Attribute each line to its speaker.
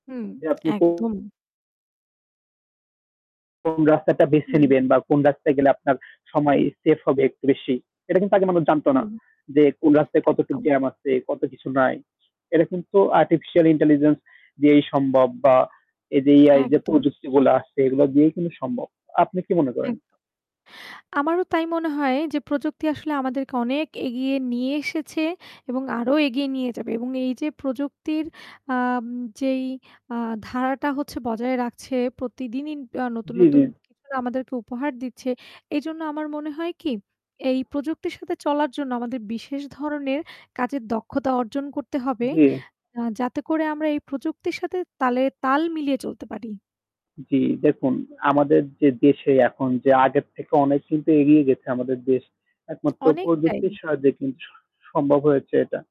Speaker 1: হুম,
Speaker 2: যে আপনি কো
Speaker 1: একদম!
Speaker 2: কোন রাস্তাটা বেছে
Speaker 1: হুম।
Speaker 2: নিবেন বা কোন রাস্তায় গেলে আপনার সময় সেফ হবে একটু বেশি, এটা কিন্তু আগে মানুষ জানত না
Speaker 1: হুম।
Speaker 2: যে, "কোন রাস্তায় কতটুক
Speaker 1: একদম।
Speaker 2: জ্যাম আছে, কত কিছু নাই।" এটা কিন্তু আর্টিফিশিয়াল ইন্টেলিজেন্স দিয়েই সম্ভব বা এই যে AI যে
Speaker 1: একদম।
Speaker 2: প্রযুক্তিগুলা আসছে, এগুলা দিয়েই কিন্তু সম্ভব। আপনি কি মনে করেন?
Speaker 1: এক আমারও তাই মনে হয় যে, প্রযুক্তি আসলে আমাদেরকে অনেক এগিয়ে নিয়ে এসেছে এবং আরও এগিয়ে নিয়ে যাবে এবং এই যে প্রযুক্তির আম যেই আ ধারাটা হচ্ছে বজায় রাখছে প্রতিদিনই, আ নতুন,
Speaker 2: জি, জি।
Speaker 1: নতুন কিছুনা আমাদেরকে উপহার দিচ্ছে এইজন্য আমার মনে হয় কি, এই প্রযুক্তির সাথে চলার জন্য আমাদের বিশেষ ধরনের কাজের দক্ষতা অর্জন করতে হবে,
Speaker 2: জি।
Speaker 1: আ যাতে করে আমরা এই প্রযুক্তির সাথে তালে তাল মিলিয়ে চলতে পারি।
Speaker 2: জি দেখুন, আমাদের যে দেশে এখন যে আগের থেকে অনেক কিন্তু এগিয়ে গেছে আমাদের দেশ, একমাত্র
Speaker 1: অনেকটাই।
Speaker 2: প্রযুক্তির সাহায্যে কিন্তু স সম্ভব হয়েছে এটা।